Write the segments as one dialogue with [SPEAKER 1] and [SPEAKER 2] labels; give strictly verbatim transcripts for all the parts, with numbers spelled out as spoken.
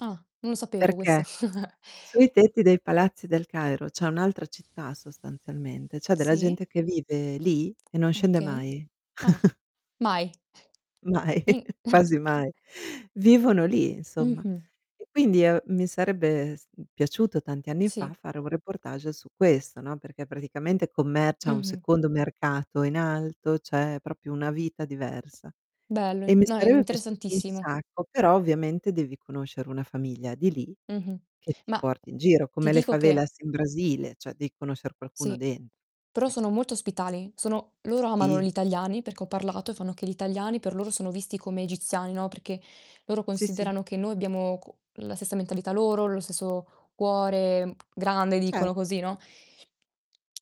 [SPEAKER 1] Ah, non lo sapevo questo.
[SPEAKER 2] Perché sui tetti dei palazzi del Cairo c'è un'altra città sostanzialmente, c'è della
[SPEAKER 1] Sì.
[SPEAKER 2] gente che vive lì e non scende
[SPEAKER 1] Okay.
[SPEAKER 2] mai.
[SPEAKER 1] Ah, mai.
[SPEAKER 2] Mai,
[SPEAKER 1] Ni
[SPEAKER 2] quasi mai. Vivono lì, insomma.
[SPEAKER 1] Mh-mh.
[SPEAKER 2] E, quindi, uhm, mi sarebbe s mhmm, piaciuto tanti anni
[SPEAKER 1] Sì.
[SPEAKER 2] fa fare un reportage su questo, no, perché praticamente commercia un
[SPEAKER 1] Mh-mh.
[SPEAKER 2] secondo mercato in alto, c'è propio una vita diversa.
[SPEAKER 1] Bello,
[SPEAKER 2] E
[SPEAKER 1] i
[SPEAKER 2] mi
[SPEAKER 1] No, è
[SPEAKER 2] sarebbe piaciuto un
[SPEAKER 1] interessantissimo.
[SPEAKER 2] sacco, però ovviamente devi conoscere una famiglia di lì,
[SPEAKER 1] Mh-mh.
[SPEAKER 2] che ti
[SPEAKER 1] Ma
[SPEAKER 2] porti in giro,
[SPEAKER 1] ti
[SPEAKER 2] come le
[SPEAKER 1] dico che
[SPEAKER 2] favelas in Brasile, cioè, devi conoscer qualcuno
[SPEAKER 1] Sì,
[SPEAKER 2] den
[SPEAKER 1] però
[SPEAKER 2] Ec
[SPEAKER 1] sono molto ospitali, sono loro amano
[SPEAKER 2] Sì.
[SPEAKER 1] gli italiani, perché ho parlato, e fanno che gli italiani per loro sono visti come egiziani, no, perché loro
[SPEAKER 2] Sì, sì.
[SPEAKER 1] considerano che noi abbiamo co la stessa mentalità loro, lo stesso cuore grande
[SPEAKER 2] Ce
[SPEAKER 1] dicono così, no?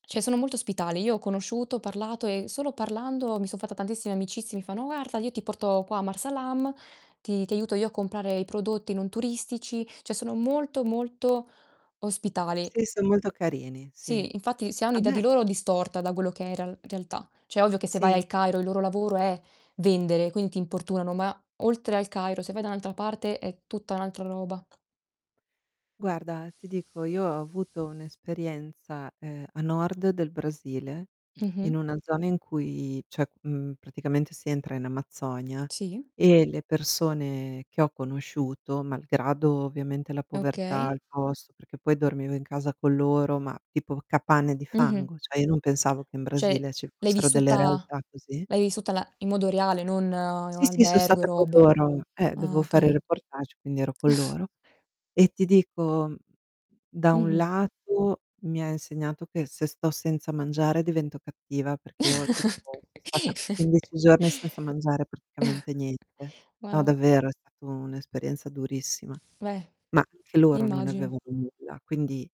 [SPEAKER 1] ceh sono molto ospitali. Io ho conosciuto, parlato e solo parlando mi so fatta tantissime amicizie. Mi fanno: "guarfa, io ti porto qua a Marsa Alam, ti ti aiuto io a comprare i prodotti non turistici." ceh sono molto, molto ospitali.
[SPEAKER 2] Sì, son molto carini, sì.
[SPEAKER 1] Sì, infatti si ha
[SPEAKER 2] A
[SPEAKER 1] un'idea
[SPEAKER 2] me
[SPEAKER 1] di loro distorta, da quello che è in real realtà. ceh, ovvio che se vai
[SPEAKER 2] Sì.
[SPEAKER 1] al Cairo, il loro lavoro è vendere, quindi ti importunano, ma oltre al Cairo, se vai da n'altra parte è tutta n'altra roba.
[SPEAKER 2] Guarda, ti dico, io ho avuto un'esperienza, ehm, a nord del Brasile,
[SPEAKER 1] Mh-mh.
[SPEAKER 2] in una zona in cui ceh, mhmm, praticamente si entra in Amazzonia
[SPEAKER 1] Sì.
[SPEAKER 2] e le persone che ho conosciuto, malgrado ovviamente la povertà,
[SPEAKER 1] Okay.
[SPEAKER 2] il posto perché poi dormivo in casa con loro, ma tipo capanne di
[SPEAKER 1] Mh-mh.
[SPEAKER 2] fango, cioè io non pensavo che in
[SPEAKER 1] ceh
[SPEAKER 2] Brasile ci
[SPEAKER 1] l'hai
[SPEAKER 2] fossero delle
[SPEAKER 1] vissuta
[SPEAKER 2] realtà così.
[SPEAKER 1] l'hai vissuta la in modo reale, non in un
[SPEAKER 2] Sì, sì, so
[SPEAKER 1] albergo e
[SPEAKER 2] stata co
[SPEAKER 1] robe.
[SPEAKER 2] loro. Eh,
[SPEAKER 1] Ah
[SPEAKER 2] dovevo fare
[SPEAKER 1] okay.
[SPEAKER 2] reportage, quindi ero con loro. E ti dico, da un
[SPEAKER 1] Mh-mh.
[SPEAKER 2] lato mi ha insegnato che se sto senza mangiare divento cattiva, perché io tipo so stata quindici giorni senza mangiare praticamente niente. No,
[SPEAKER 1] Marò.
[SPEAKER 2] davvero, è stato un'esperienza durissima.
[SPEAKER 1] Beh,
[SPEAKER 2] Ma, anche loro non
[SPEAKER 1] immagino.
[SPEAKER 2] avevano nulla, quindi